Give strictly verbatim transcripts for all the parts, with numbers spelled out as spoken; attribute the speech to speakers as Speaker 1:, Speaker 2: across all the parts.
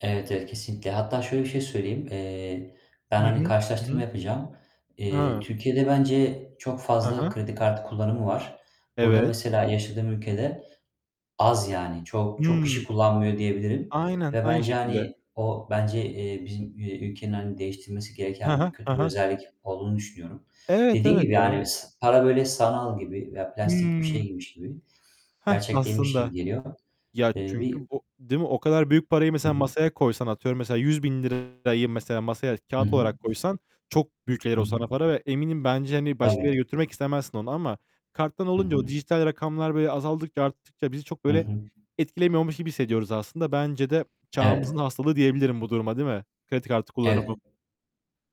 Speaker 1: Evet, evet, kesinlikle. Hatta şöyle bir şey söyleyeyim: Eee,
Speaker 2: Hı
Speaker 1: ben,
Speaker 2: hı.
Speaker 1: hani,
Speaker 2: Hı hı.
Speaker 1: karşılaştırma yapacağım. Eee,
Speaker 2: Ha!
Speaker 1: Türkiye'de bence çok
Speaker 2: Ha
Speaker 1: fazla
Speaker 2: ha.
Speaker 1: kredi kartı kullanımı var. Burada
Speaker 2: Evet.
Speaker 1: mesela yaşadığım ülkede az yani çok çok kişi
Speaker 2: Hımm.
Speaker 1: kullanmıyor diyebilirim
Speaker 2: Aynen,
Speaker 1: ve
Speaker 2: aynı
Speaker 1: bence,
Speaker 2: şekilde.
Speaker 1: hani, o bence, eee, bizim, eee, ülkenin, hani, değiştirmesi
Speaker 2: Hı
Speaker 1: gereken
Speaker 2: hı,
Speaker 1: bir
Speaker 2: hı
Speaker 1: kötü bir
Speaker 2: hı.
Speaker 1: özellik olduğunu düşünüyorum.
Speaker 2: Evet,
Speaker 1: Dediğin
Speaker 2: evet
Speaker 1: gibi,
Speaker 2: ya.
Speaker 1: yani ıs para böyle sanal gibi veya plastik bir şey
Speaker 2: Hımm.
Speaker 1: gibiymiş gibi,
Speaker 2: Hah,
Speaker 1: gerçek değilmiş gibi
Speaker 2: aslında!
Speaker 1: geliyor,
Speaker 2: Ya,
Speaker 1: eee,
Speaker 2: çünkü
Speaker 1: bir
Speaker 2: bu Değil mi? O kadar büyük parayı
Speaker 1: Hı
Speaker 2: mesela
Speaker 1: hı.
Speaker 2: masaya koysan, atıyorum mesela yüz bin lirayı mesela masaya
Speaker 1: Hı
Speaker 2: kâğıt
Speaker 1: hı.
Speaker 2: olarak koysan çok büyük [unintelligible]
Speaker 1: Hı
Speaker 2: olsa ana
Speaker 1: hı.
Speaker 2: para ve eminim bence, hani, başka yere
Speaker 1: Tabii.
Speaker 2: götürmek istemezsin onu. Ama karttan
Speaker 1: Hı
Speaker 2: olunca o
Speaker 1: hı.
Speaker 2: dijital rakamlar böyle azaldıkça, arttıkça bizi çok
Speaker 1: Hı
Speaker 2: böyle
Speaker 1: hı.
Speaker 2: etkilemiyormuş gibi hissediyoruz aslında. Bence de çağımızın
Speaker 1: Evet.
Speaker 2: hastalığı diyebilirim bu duruma, değil mi? Kredi kartı kullanımı.
Speaker 1: Evet.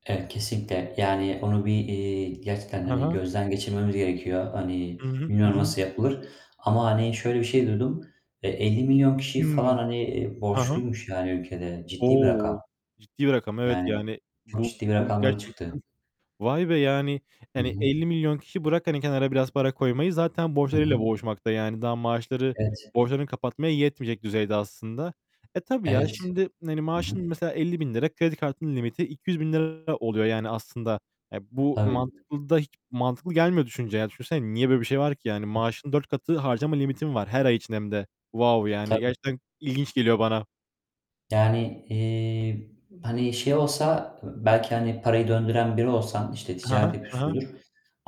Speaker 1: Evet, kesinlikle. Yani onu bir, eee, gerçekten,
Speaker 2: Hı
Speaker 1: hani,
Speaker 2: hı.
Speaker 1: gözden geçirmemiz gerekiyor. Hani,
Speaker 2: Hı hı, hı
Speaker 1: bilmiyorum
Speaker 2: hı.
Speaker 1: nasıl yapılır ama, hani, şöyle bir şey duydum: Eee, elli milyon kişi falan,
Speaker 2: Hıı.
Speaker 1: hani,
Speaker 2: Ha ha.
Speaker 1: borçluymuş yani ülkede. Ciddi bir
Speaker 2: O!
Speaker 1: rakam.
Speaker 2: Ciddi rakam. Evet,
Speaker 1: Yani
Speaker 2: yani,
Speaker 1: çok
Speaker 2: bu
Speaker 1: ciddi bir
Speaker 2: bu
Speaker 1: rakamlara çıktı.
Speaker 2: gerçekten Vay be! yani,
Speaker 1: Hı
Speaker 2: hani,
Speaker 1: hı.
Speaker 2: elli milyon kişi, bırak hani kenara biraz para koymayı zaten
Speaker 1: Hı
Speaker 2: borçlarıyla
Speaker 1: hı.
Speaker 2: boğuşmakta yani. Daha maaşları
Speaker 1: Evet.
Speaker 2: borçlarını kapatmaya yetmeyecek düzeyde aslında. E, tabii ya,
Speaker 1: Evet.
Speaker 2: şimdi hani
Speaker 1: Hı hı.
Speaker 2: maaşın mesela elli, kredi kartının limiti iki yüz bin lira oluyor, yani, aslında. E, bu
Speaker 1: Tabii.
Speaker 2: mantıklı da hiç mantıklı gelmiyor düşününce ya. Düşünsene, niye böyle bir şey var ki? Yani maaşının dört katı harcama limitin var her ay için hem de. Vaov, yani,
Speaker 1: Tabii.
Speaker 2: gerçekten ilginç geliyor bana.
Speaker 1: Yani, eee, hani, şey olsa belki, hani, parayı döndüren biri olsan, işte,
Speaker 2: Ha ha,
Speaker 1: ticaret
Speaker 2: ha ha.
Speaker 1: yapıyorsundur.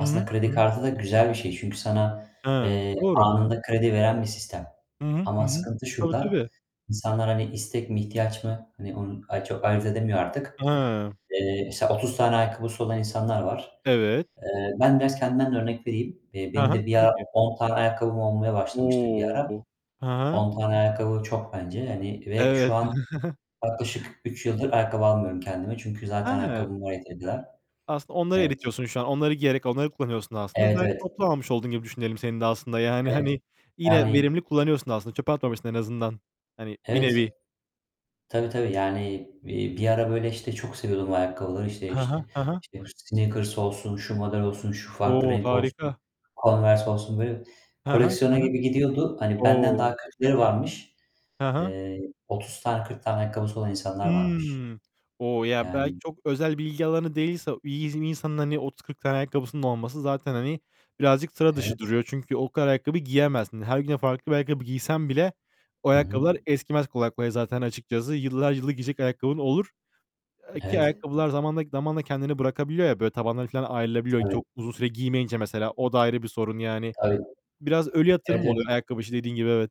Speaker 2: Hı hı, hı
Speaker 1: kredi
Speaker 2: hı.
Speaker 1: kartı da güzel bir şey. Çünkü sana,
Speaker 2: Hıı,
Speaker 1: eee,
Speaker 2: doğru.
Speaker 1: anında kredi veren bir sistem.
Speaker 2: Hı hı, hı
Speaker 1: Ama
Speaker 2: hı.
Speaker 1: sıkıntı
Speaker 2: Tabii,
Speaker 1: şurada:
Speaker 2: tabii.
Speaker 1: İnsanlar, hani, istek mi, ihtiyaç mı, hani, onu ay çok ayırt edemiyor artık.
Speaker 2: Hıı.
Speaker 1: Eee, mesela otuz tane ayakkabısı olan insanlar var.
Speaker 2: Evet.
Speaker 1: Eee, ben biraz kendimden de örnek vereyim. Eee,
Speaker 2: Hı
Speaker 1: benim
Speaker 2: hı,
Speaker 1: de bir
Speaker 2: tabii
Speaker 1: ara
Speaker 2: ki.
Speaker 1: on tane ayakkabım olmaya başlamıştı bir ara.
Speaker 2: O! Hı hı.
Speaker 1: on tane ayakkabı çok bence, hani, ve şu
Speaker 2: Evet.
Speaker 1: an yaklaşık üç yıldır ayakkabı almıyorum kendime. Çünkü zaten
Speaker 2: He!
Speaker 1: ayakkabım var yeteri kadar.
Speaker 2: Aslında onları
Speaker 1: Evet.
Speaker 2: eritiyorsun şu an. Onları giyerek onları kullanıyorsun aslında.
Speaker 1: Evet,
Speaker 2: Belki
Speaker 1: evet.
Speaker 2: toplu almış oldun gibi düşünelim senin de aslında. Yani,
Speaker 1: Evet.
Speaker 2: hani, yine verimli
Speaker 1: Yani
Speaker 2: kullanıyorsun aslında, çöpe atmamışsın en azından. Hani, bir
Speaker 1: Evet.
Speaker 2: nevi.
Speaker 1: Tabii, tabii. Yani, eee, bir ara böyle, işte, çok seviyordum ayakkabıları. İşte
Speaker 2: Hı
Speaker 1: işte
Speaker 2: hı, hı hı.
Speaker 1: işte Sneakers olsun, şu model olsun, şu farklı
Speaker 2: O,
Speaker 1: renk olsun,
Speaker 2: harika!
Speaker 1: Converse olsun. Böyle
Speaker 2: Hı hı,
Speaker 1: koleksiyona
Speaker 2: hı hı.
Speaker 1: gibi gidiyordu. Hani, benden
Speaker 2: O!
Speaker 1: daha kötüleri varmış.
Speaker 2: Hı hı.
Speaker 1: Eee, otuz tane, kırk tane ayakkabısı olan insanlar varmış.
Speaker 2: Hımm. O! Ya, belki
Speaker 1: Yani
Speaker 2: çok özel bilgi alanı değilse, [unintelligible] bir insanın hani otuz kırk tane ayakkabısının olması zaten, hani, birazcık sıra dışı
Speaker 1: Evet.
Speaker 2: duruyor. Çünkü o kadar ayakkabıyı giyemezsin. Her güne farklı bir ayakkabı giysen bile o
Speaker 1: Hı
Speaker 2: ayakkabılar
Speaker 1: hı.
Speaker 2: eskimez kolay kolay zaten açıkçası. Yıllar yılı giyecek ayakkabın olur, ııı, ki
Speaker 1: Evet.
Speaker 2: ayakkabılar zamanla zamanla kendini bırakabiliyor ya, böyle tabanları falan ayrılabiliyor
Speaker 1: Tabii.
Speaker 2: çok uzun süre giymeyince mesela, o da ayrı bir sorun yani.
Speaker 1: Tabii.
Speaker 2: Biraz ölü
Speaker 1: Evet,
Speaker 2: yatırım
Speaker 1: evet.
Speaker 2: oluyor ayakkabı işi dediğin gibi evet.